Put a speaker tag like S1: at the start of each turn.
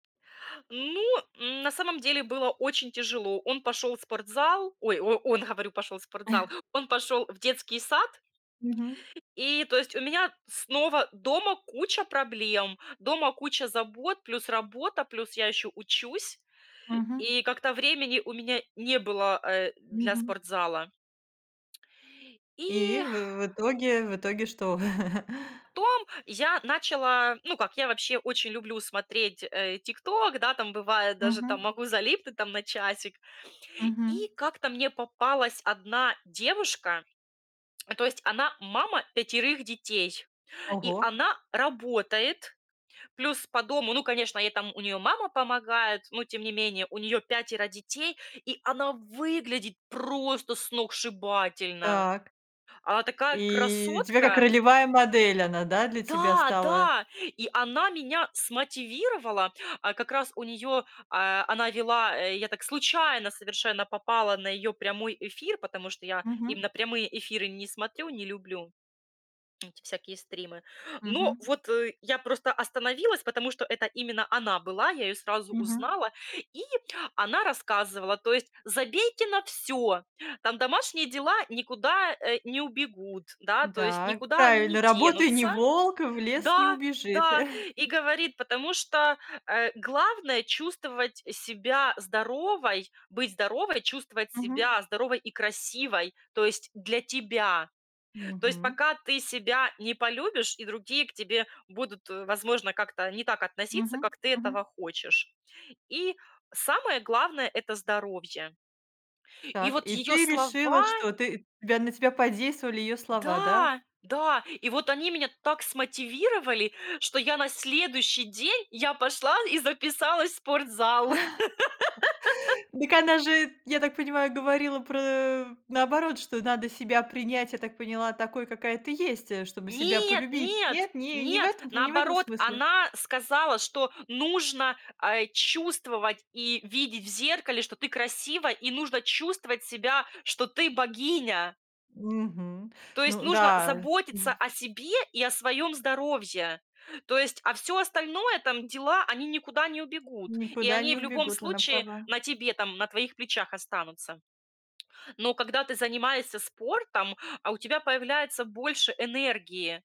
S1: Ну, м, на самом деле было очень тяжело. Он пошел в спортзал, ой, о он, говорю, пошел в спортзал, он пошел в детский сад.
S2: Мгм.
S1: И то есть, у меня снова дома куча проблем, дома куча забот, плюс работа, плюс я еще учусь,
S2: Мгм.
S1: и как-то времени у меня не было, э, для
S2: Мгм.
S1: спортзала.
S2: И
S1: И
S2: в в итоге, в итоге что?
S1: Потом я начала, ну, как я вообще очень люблю смотреть, э, TikTok, да, там бывает даже, там
S2: Мгм.
S1: могу залипнуть там на часик,
S2: Мгм.
S1: и как-то мне попалась одна девушка, то есть она мама 5 детей, и
S2: Ого.
S1: она работает, плюс по дому, ну, конечно, ей там, у неё мама помогает, но тем не менее, у нее пятеро детей, и она выглядит просто сногсшибательно,
S2: Так.
S1: она такая
S2: И тебя как
S1: красотка!
S2: ролевая модель она, да, для тебя
S1: Да,
S2: стала.
S1: да! И она меня смотивировала, а, как раз у неё, а, она вела, э, я так случайно совершенно попала на её прямой эфир, потому что я
S2: Мгм.
S1: именно прямые эфиры не смотрю, не люблю эти всякие стримы. Но
S2: Мгм.
S1: вот, э, я просто остановилась, потому что это именно она была, я её сразу
S2: Мгм.
S1: узнала, и она рассказывала, то есть: "Забейте на всё, там домашние дела никуда, э, не убегут, да, то есть
S2: Да,
S1: никуда они не
S2: правильно, работай- не
S1: денутся".
S2: волк, в лес не
S1: Да,
S2: убежит.
S1: да. И говорит, потому что, э, главное- чувствовать себя здоровой, быть здоровой, чувствовать
S2: Мгм.
S1: себя здоровой и красивой, то есть для тебя. То есть
S2: Мгм.
S1: пока ты себя не полюбишь, и другие к тебе будут, э, возможно, как-то не так относиться,
S2: Мгм
S1: как ты
S2: мгм.
S1: этого хочешь. И самое главное- это здоровье. И
S2: Так,
S1: вот
S2: и
S1: её
S2: ты решила,
S1: слова
S2: что ты тебя на тебя подействовали её слова, да?
S1: Да, да, и вот они меня так смотивировали, что я на следующий день я пошла и записалась в спортзал.
S2: Дак она же, я так понимаю, говорила про, э, наоборот, что надо себя принять, я так поняла, такой, какая ты есть, э, чтобы себя
S1: Нет
S2: полюбить.
S1: нет
S2: Нет, ни не в
S1: нет,
S2: этом п не в этом
S1: наоборот,
S2: смысле?
S1: она сказала, что нужно, а, чувствовать и видеть в зеркале, что ты красива и нужно чувствовать себя, что ты богиня.
S2: Мгм,
S1: То есть
S2: ну
S1: нужно
S2: да,
S1: заботиться
S2: вф
S1: о себе и о своем здоровье, то есть, а всё остальное, там, дела, они никуда не убегут и
S2: Никуда
S1: они
S2: не
S1: в любом
S2: убегут, она
S1: случае
S2: права.
S1: на тебе, там, на твоих плечах останутся. Но когда ты занимаешься спортом, а у тебя появляется больше энергии.